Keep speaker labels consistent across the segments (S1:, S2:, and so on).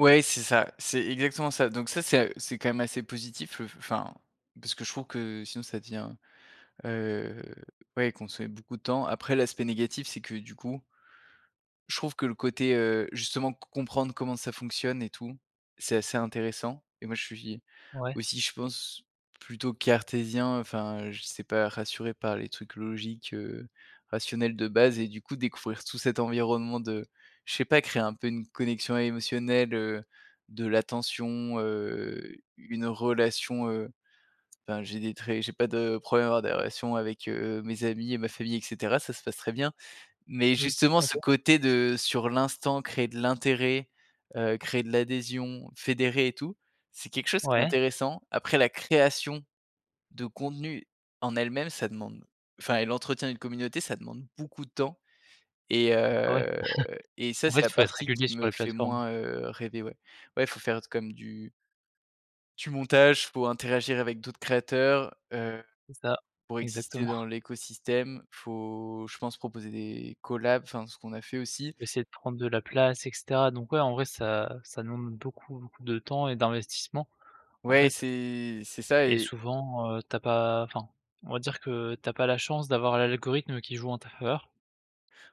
S1: Ouais, c'est ça, c'est exactement ça, donc ça, c'est a heu, c'est quand même assez positif, le f f enfin, parce que je trouve que sinon ça devient, heu, ouais, consommer beaucoup de temps. Après l'aspect négatif, c'est que du coup je trouve que le côté, heu, justement c comprendre comment ça fonctionne et tout, c'est assez intéressant et moi je suis,
S2: Ouais.
S1: aussi je pense plutôt cartésien, enfin je sais pas, rassuré par les trucs logiques, heu, rationnels de base et du coup découvrir tout cet environnement de je sais pas créer un peu une connexion émotionnelle, heu, de l'attention, heu, u une relation, heu, enfin j'ai des traits j'ai pas de problème avec avoir des relations avec, heu, mes amis et ma famille, et cetera, ça se passe très bien, mais
S2: Oui,
S1: justement,
S2: OK.
S1: ce côté de sur l'instant, créer de l'intérêt, heu, créer de l'adhésion, fédérer et tout, c'est quelque chose qui est
S2: Ouais.
S1: intéressant. Après la création de contenu en elle-même, ça demande enfin et l'entretien d'une communauté, ça demande beaucoup de temps et
S2: Ben ouais.
S1: heu et ça
S2: En fait,
S1: c'est la
S2: il faut être
S1: partie qui
S2: régulier sur
S1: me
S2: les
S1: fait
S2: plateformes.
S1: moins, heu, rêver ouais, ouais il faut faire d comme du du montage pour interagir avec d'autres créateurs, heu,
S2: C'est ça,
S1: pour exister
S2: exactement.
S1: dans l'écosystème. Faut, je pense, proposer des collabs, enfin ce qu'on a fait aussi
S2: Essayer
S1: et
S2: de prendre de la place et cetera, donc ouais en vrai ça ça demande beaucoup, beaucoup de temps et d'investissement en
S1: Ouais
S2: fait,
S1: c'est c'est ça
S2: et
S1: et
S2: souvent, heu, tu as pas enfin, on va dire que tu as pas la chance d'avoir l'a l'algorithme qui joue en ta faveur.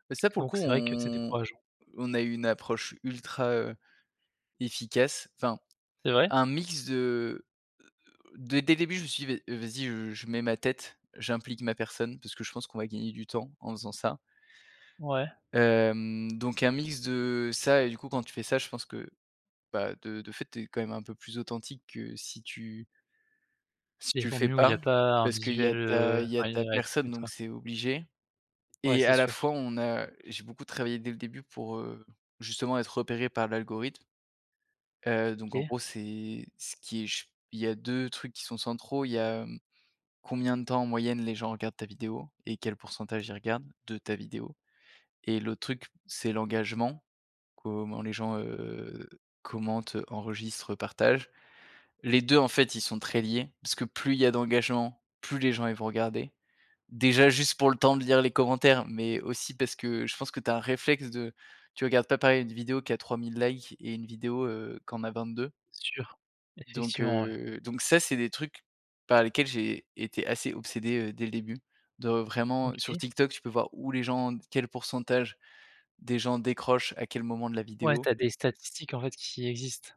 S1: bah ça pour le
S2: Donc
S1: coup
S2: c'est vrai que c'est
S1: on
S2: décourageant.
S1: on a eu une approche ultra, heu, efficace. Enfin,
S2: C'est vrai?
S1: un mix de, heu heu, dès dès le début je me suis dit: «Vas-y, heu, je mets ma tête, j'implique ma personne parce que je pense qu'on va gagner du temps en faisant ça».
S2: Ouais.
S1: Hem, donc un mix de ça et du coup quand tu fais ça, je pense que, bah, de de fait tu es quand même un peu plus authentique que si tu si
S2: Il y a des
S1: tu le fais
S2: contenus où il y a
S1: pas,
S2: pas un
S1: parce qu'il y
S2: visuel,
S1: a ta
S2: heu
S1: il y a ta personne donc
S2: [unintelligible]
S1: c'est obligé
S2: Ouais
S1: et
S2: c'est
S1: à la
S2: sûr.
S1: fois on a j'ai beaucoup travaillé dès le début pour, heu, justement être repéré par l'algorithme. Heu, donc en
S2: OK.
S1: gros c'est ce qui est ch il y a 2 trucs qui sont centraux, il y a, mmh, combien de temps en moyenne, les gens regardent ta vidéo et quel pourcentage ils regardent, de ta vidéo et l'autre truc c'est l'engagement, comment les gens, heu, commentent, enregistrent, partagent. Les 2 en fait, ils sont très liés, parce que plus il y a d'engagement, plus les gens, ils vont regarder. Déjà, juste pour le temps de lire les commentaires, mais aussi parce que je pense que tu as un réflexe de tu regardes pas pareil une vidéo qui a 3000 likes et une vidéo, heu, qui en a 22.
S2: Sûr,
S1: Donc
S2: effectivement ouais.
S1: heu, donc ça c'est des trucs par lesquels j'ai été assez obsédé, heu, dès le début. De vraiment sur
S2: OK.
S1: TikTok, tu peux voir où les gens quel pourcentage des gens décrochent, à quel moment de la
S2: Ouais,
S1: vidéo.
S2: tu as des statistiques en fait qui existent.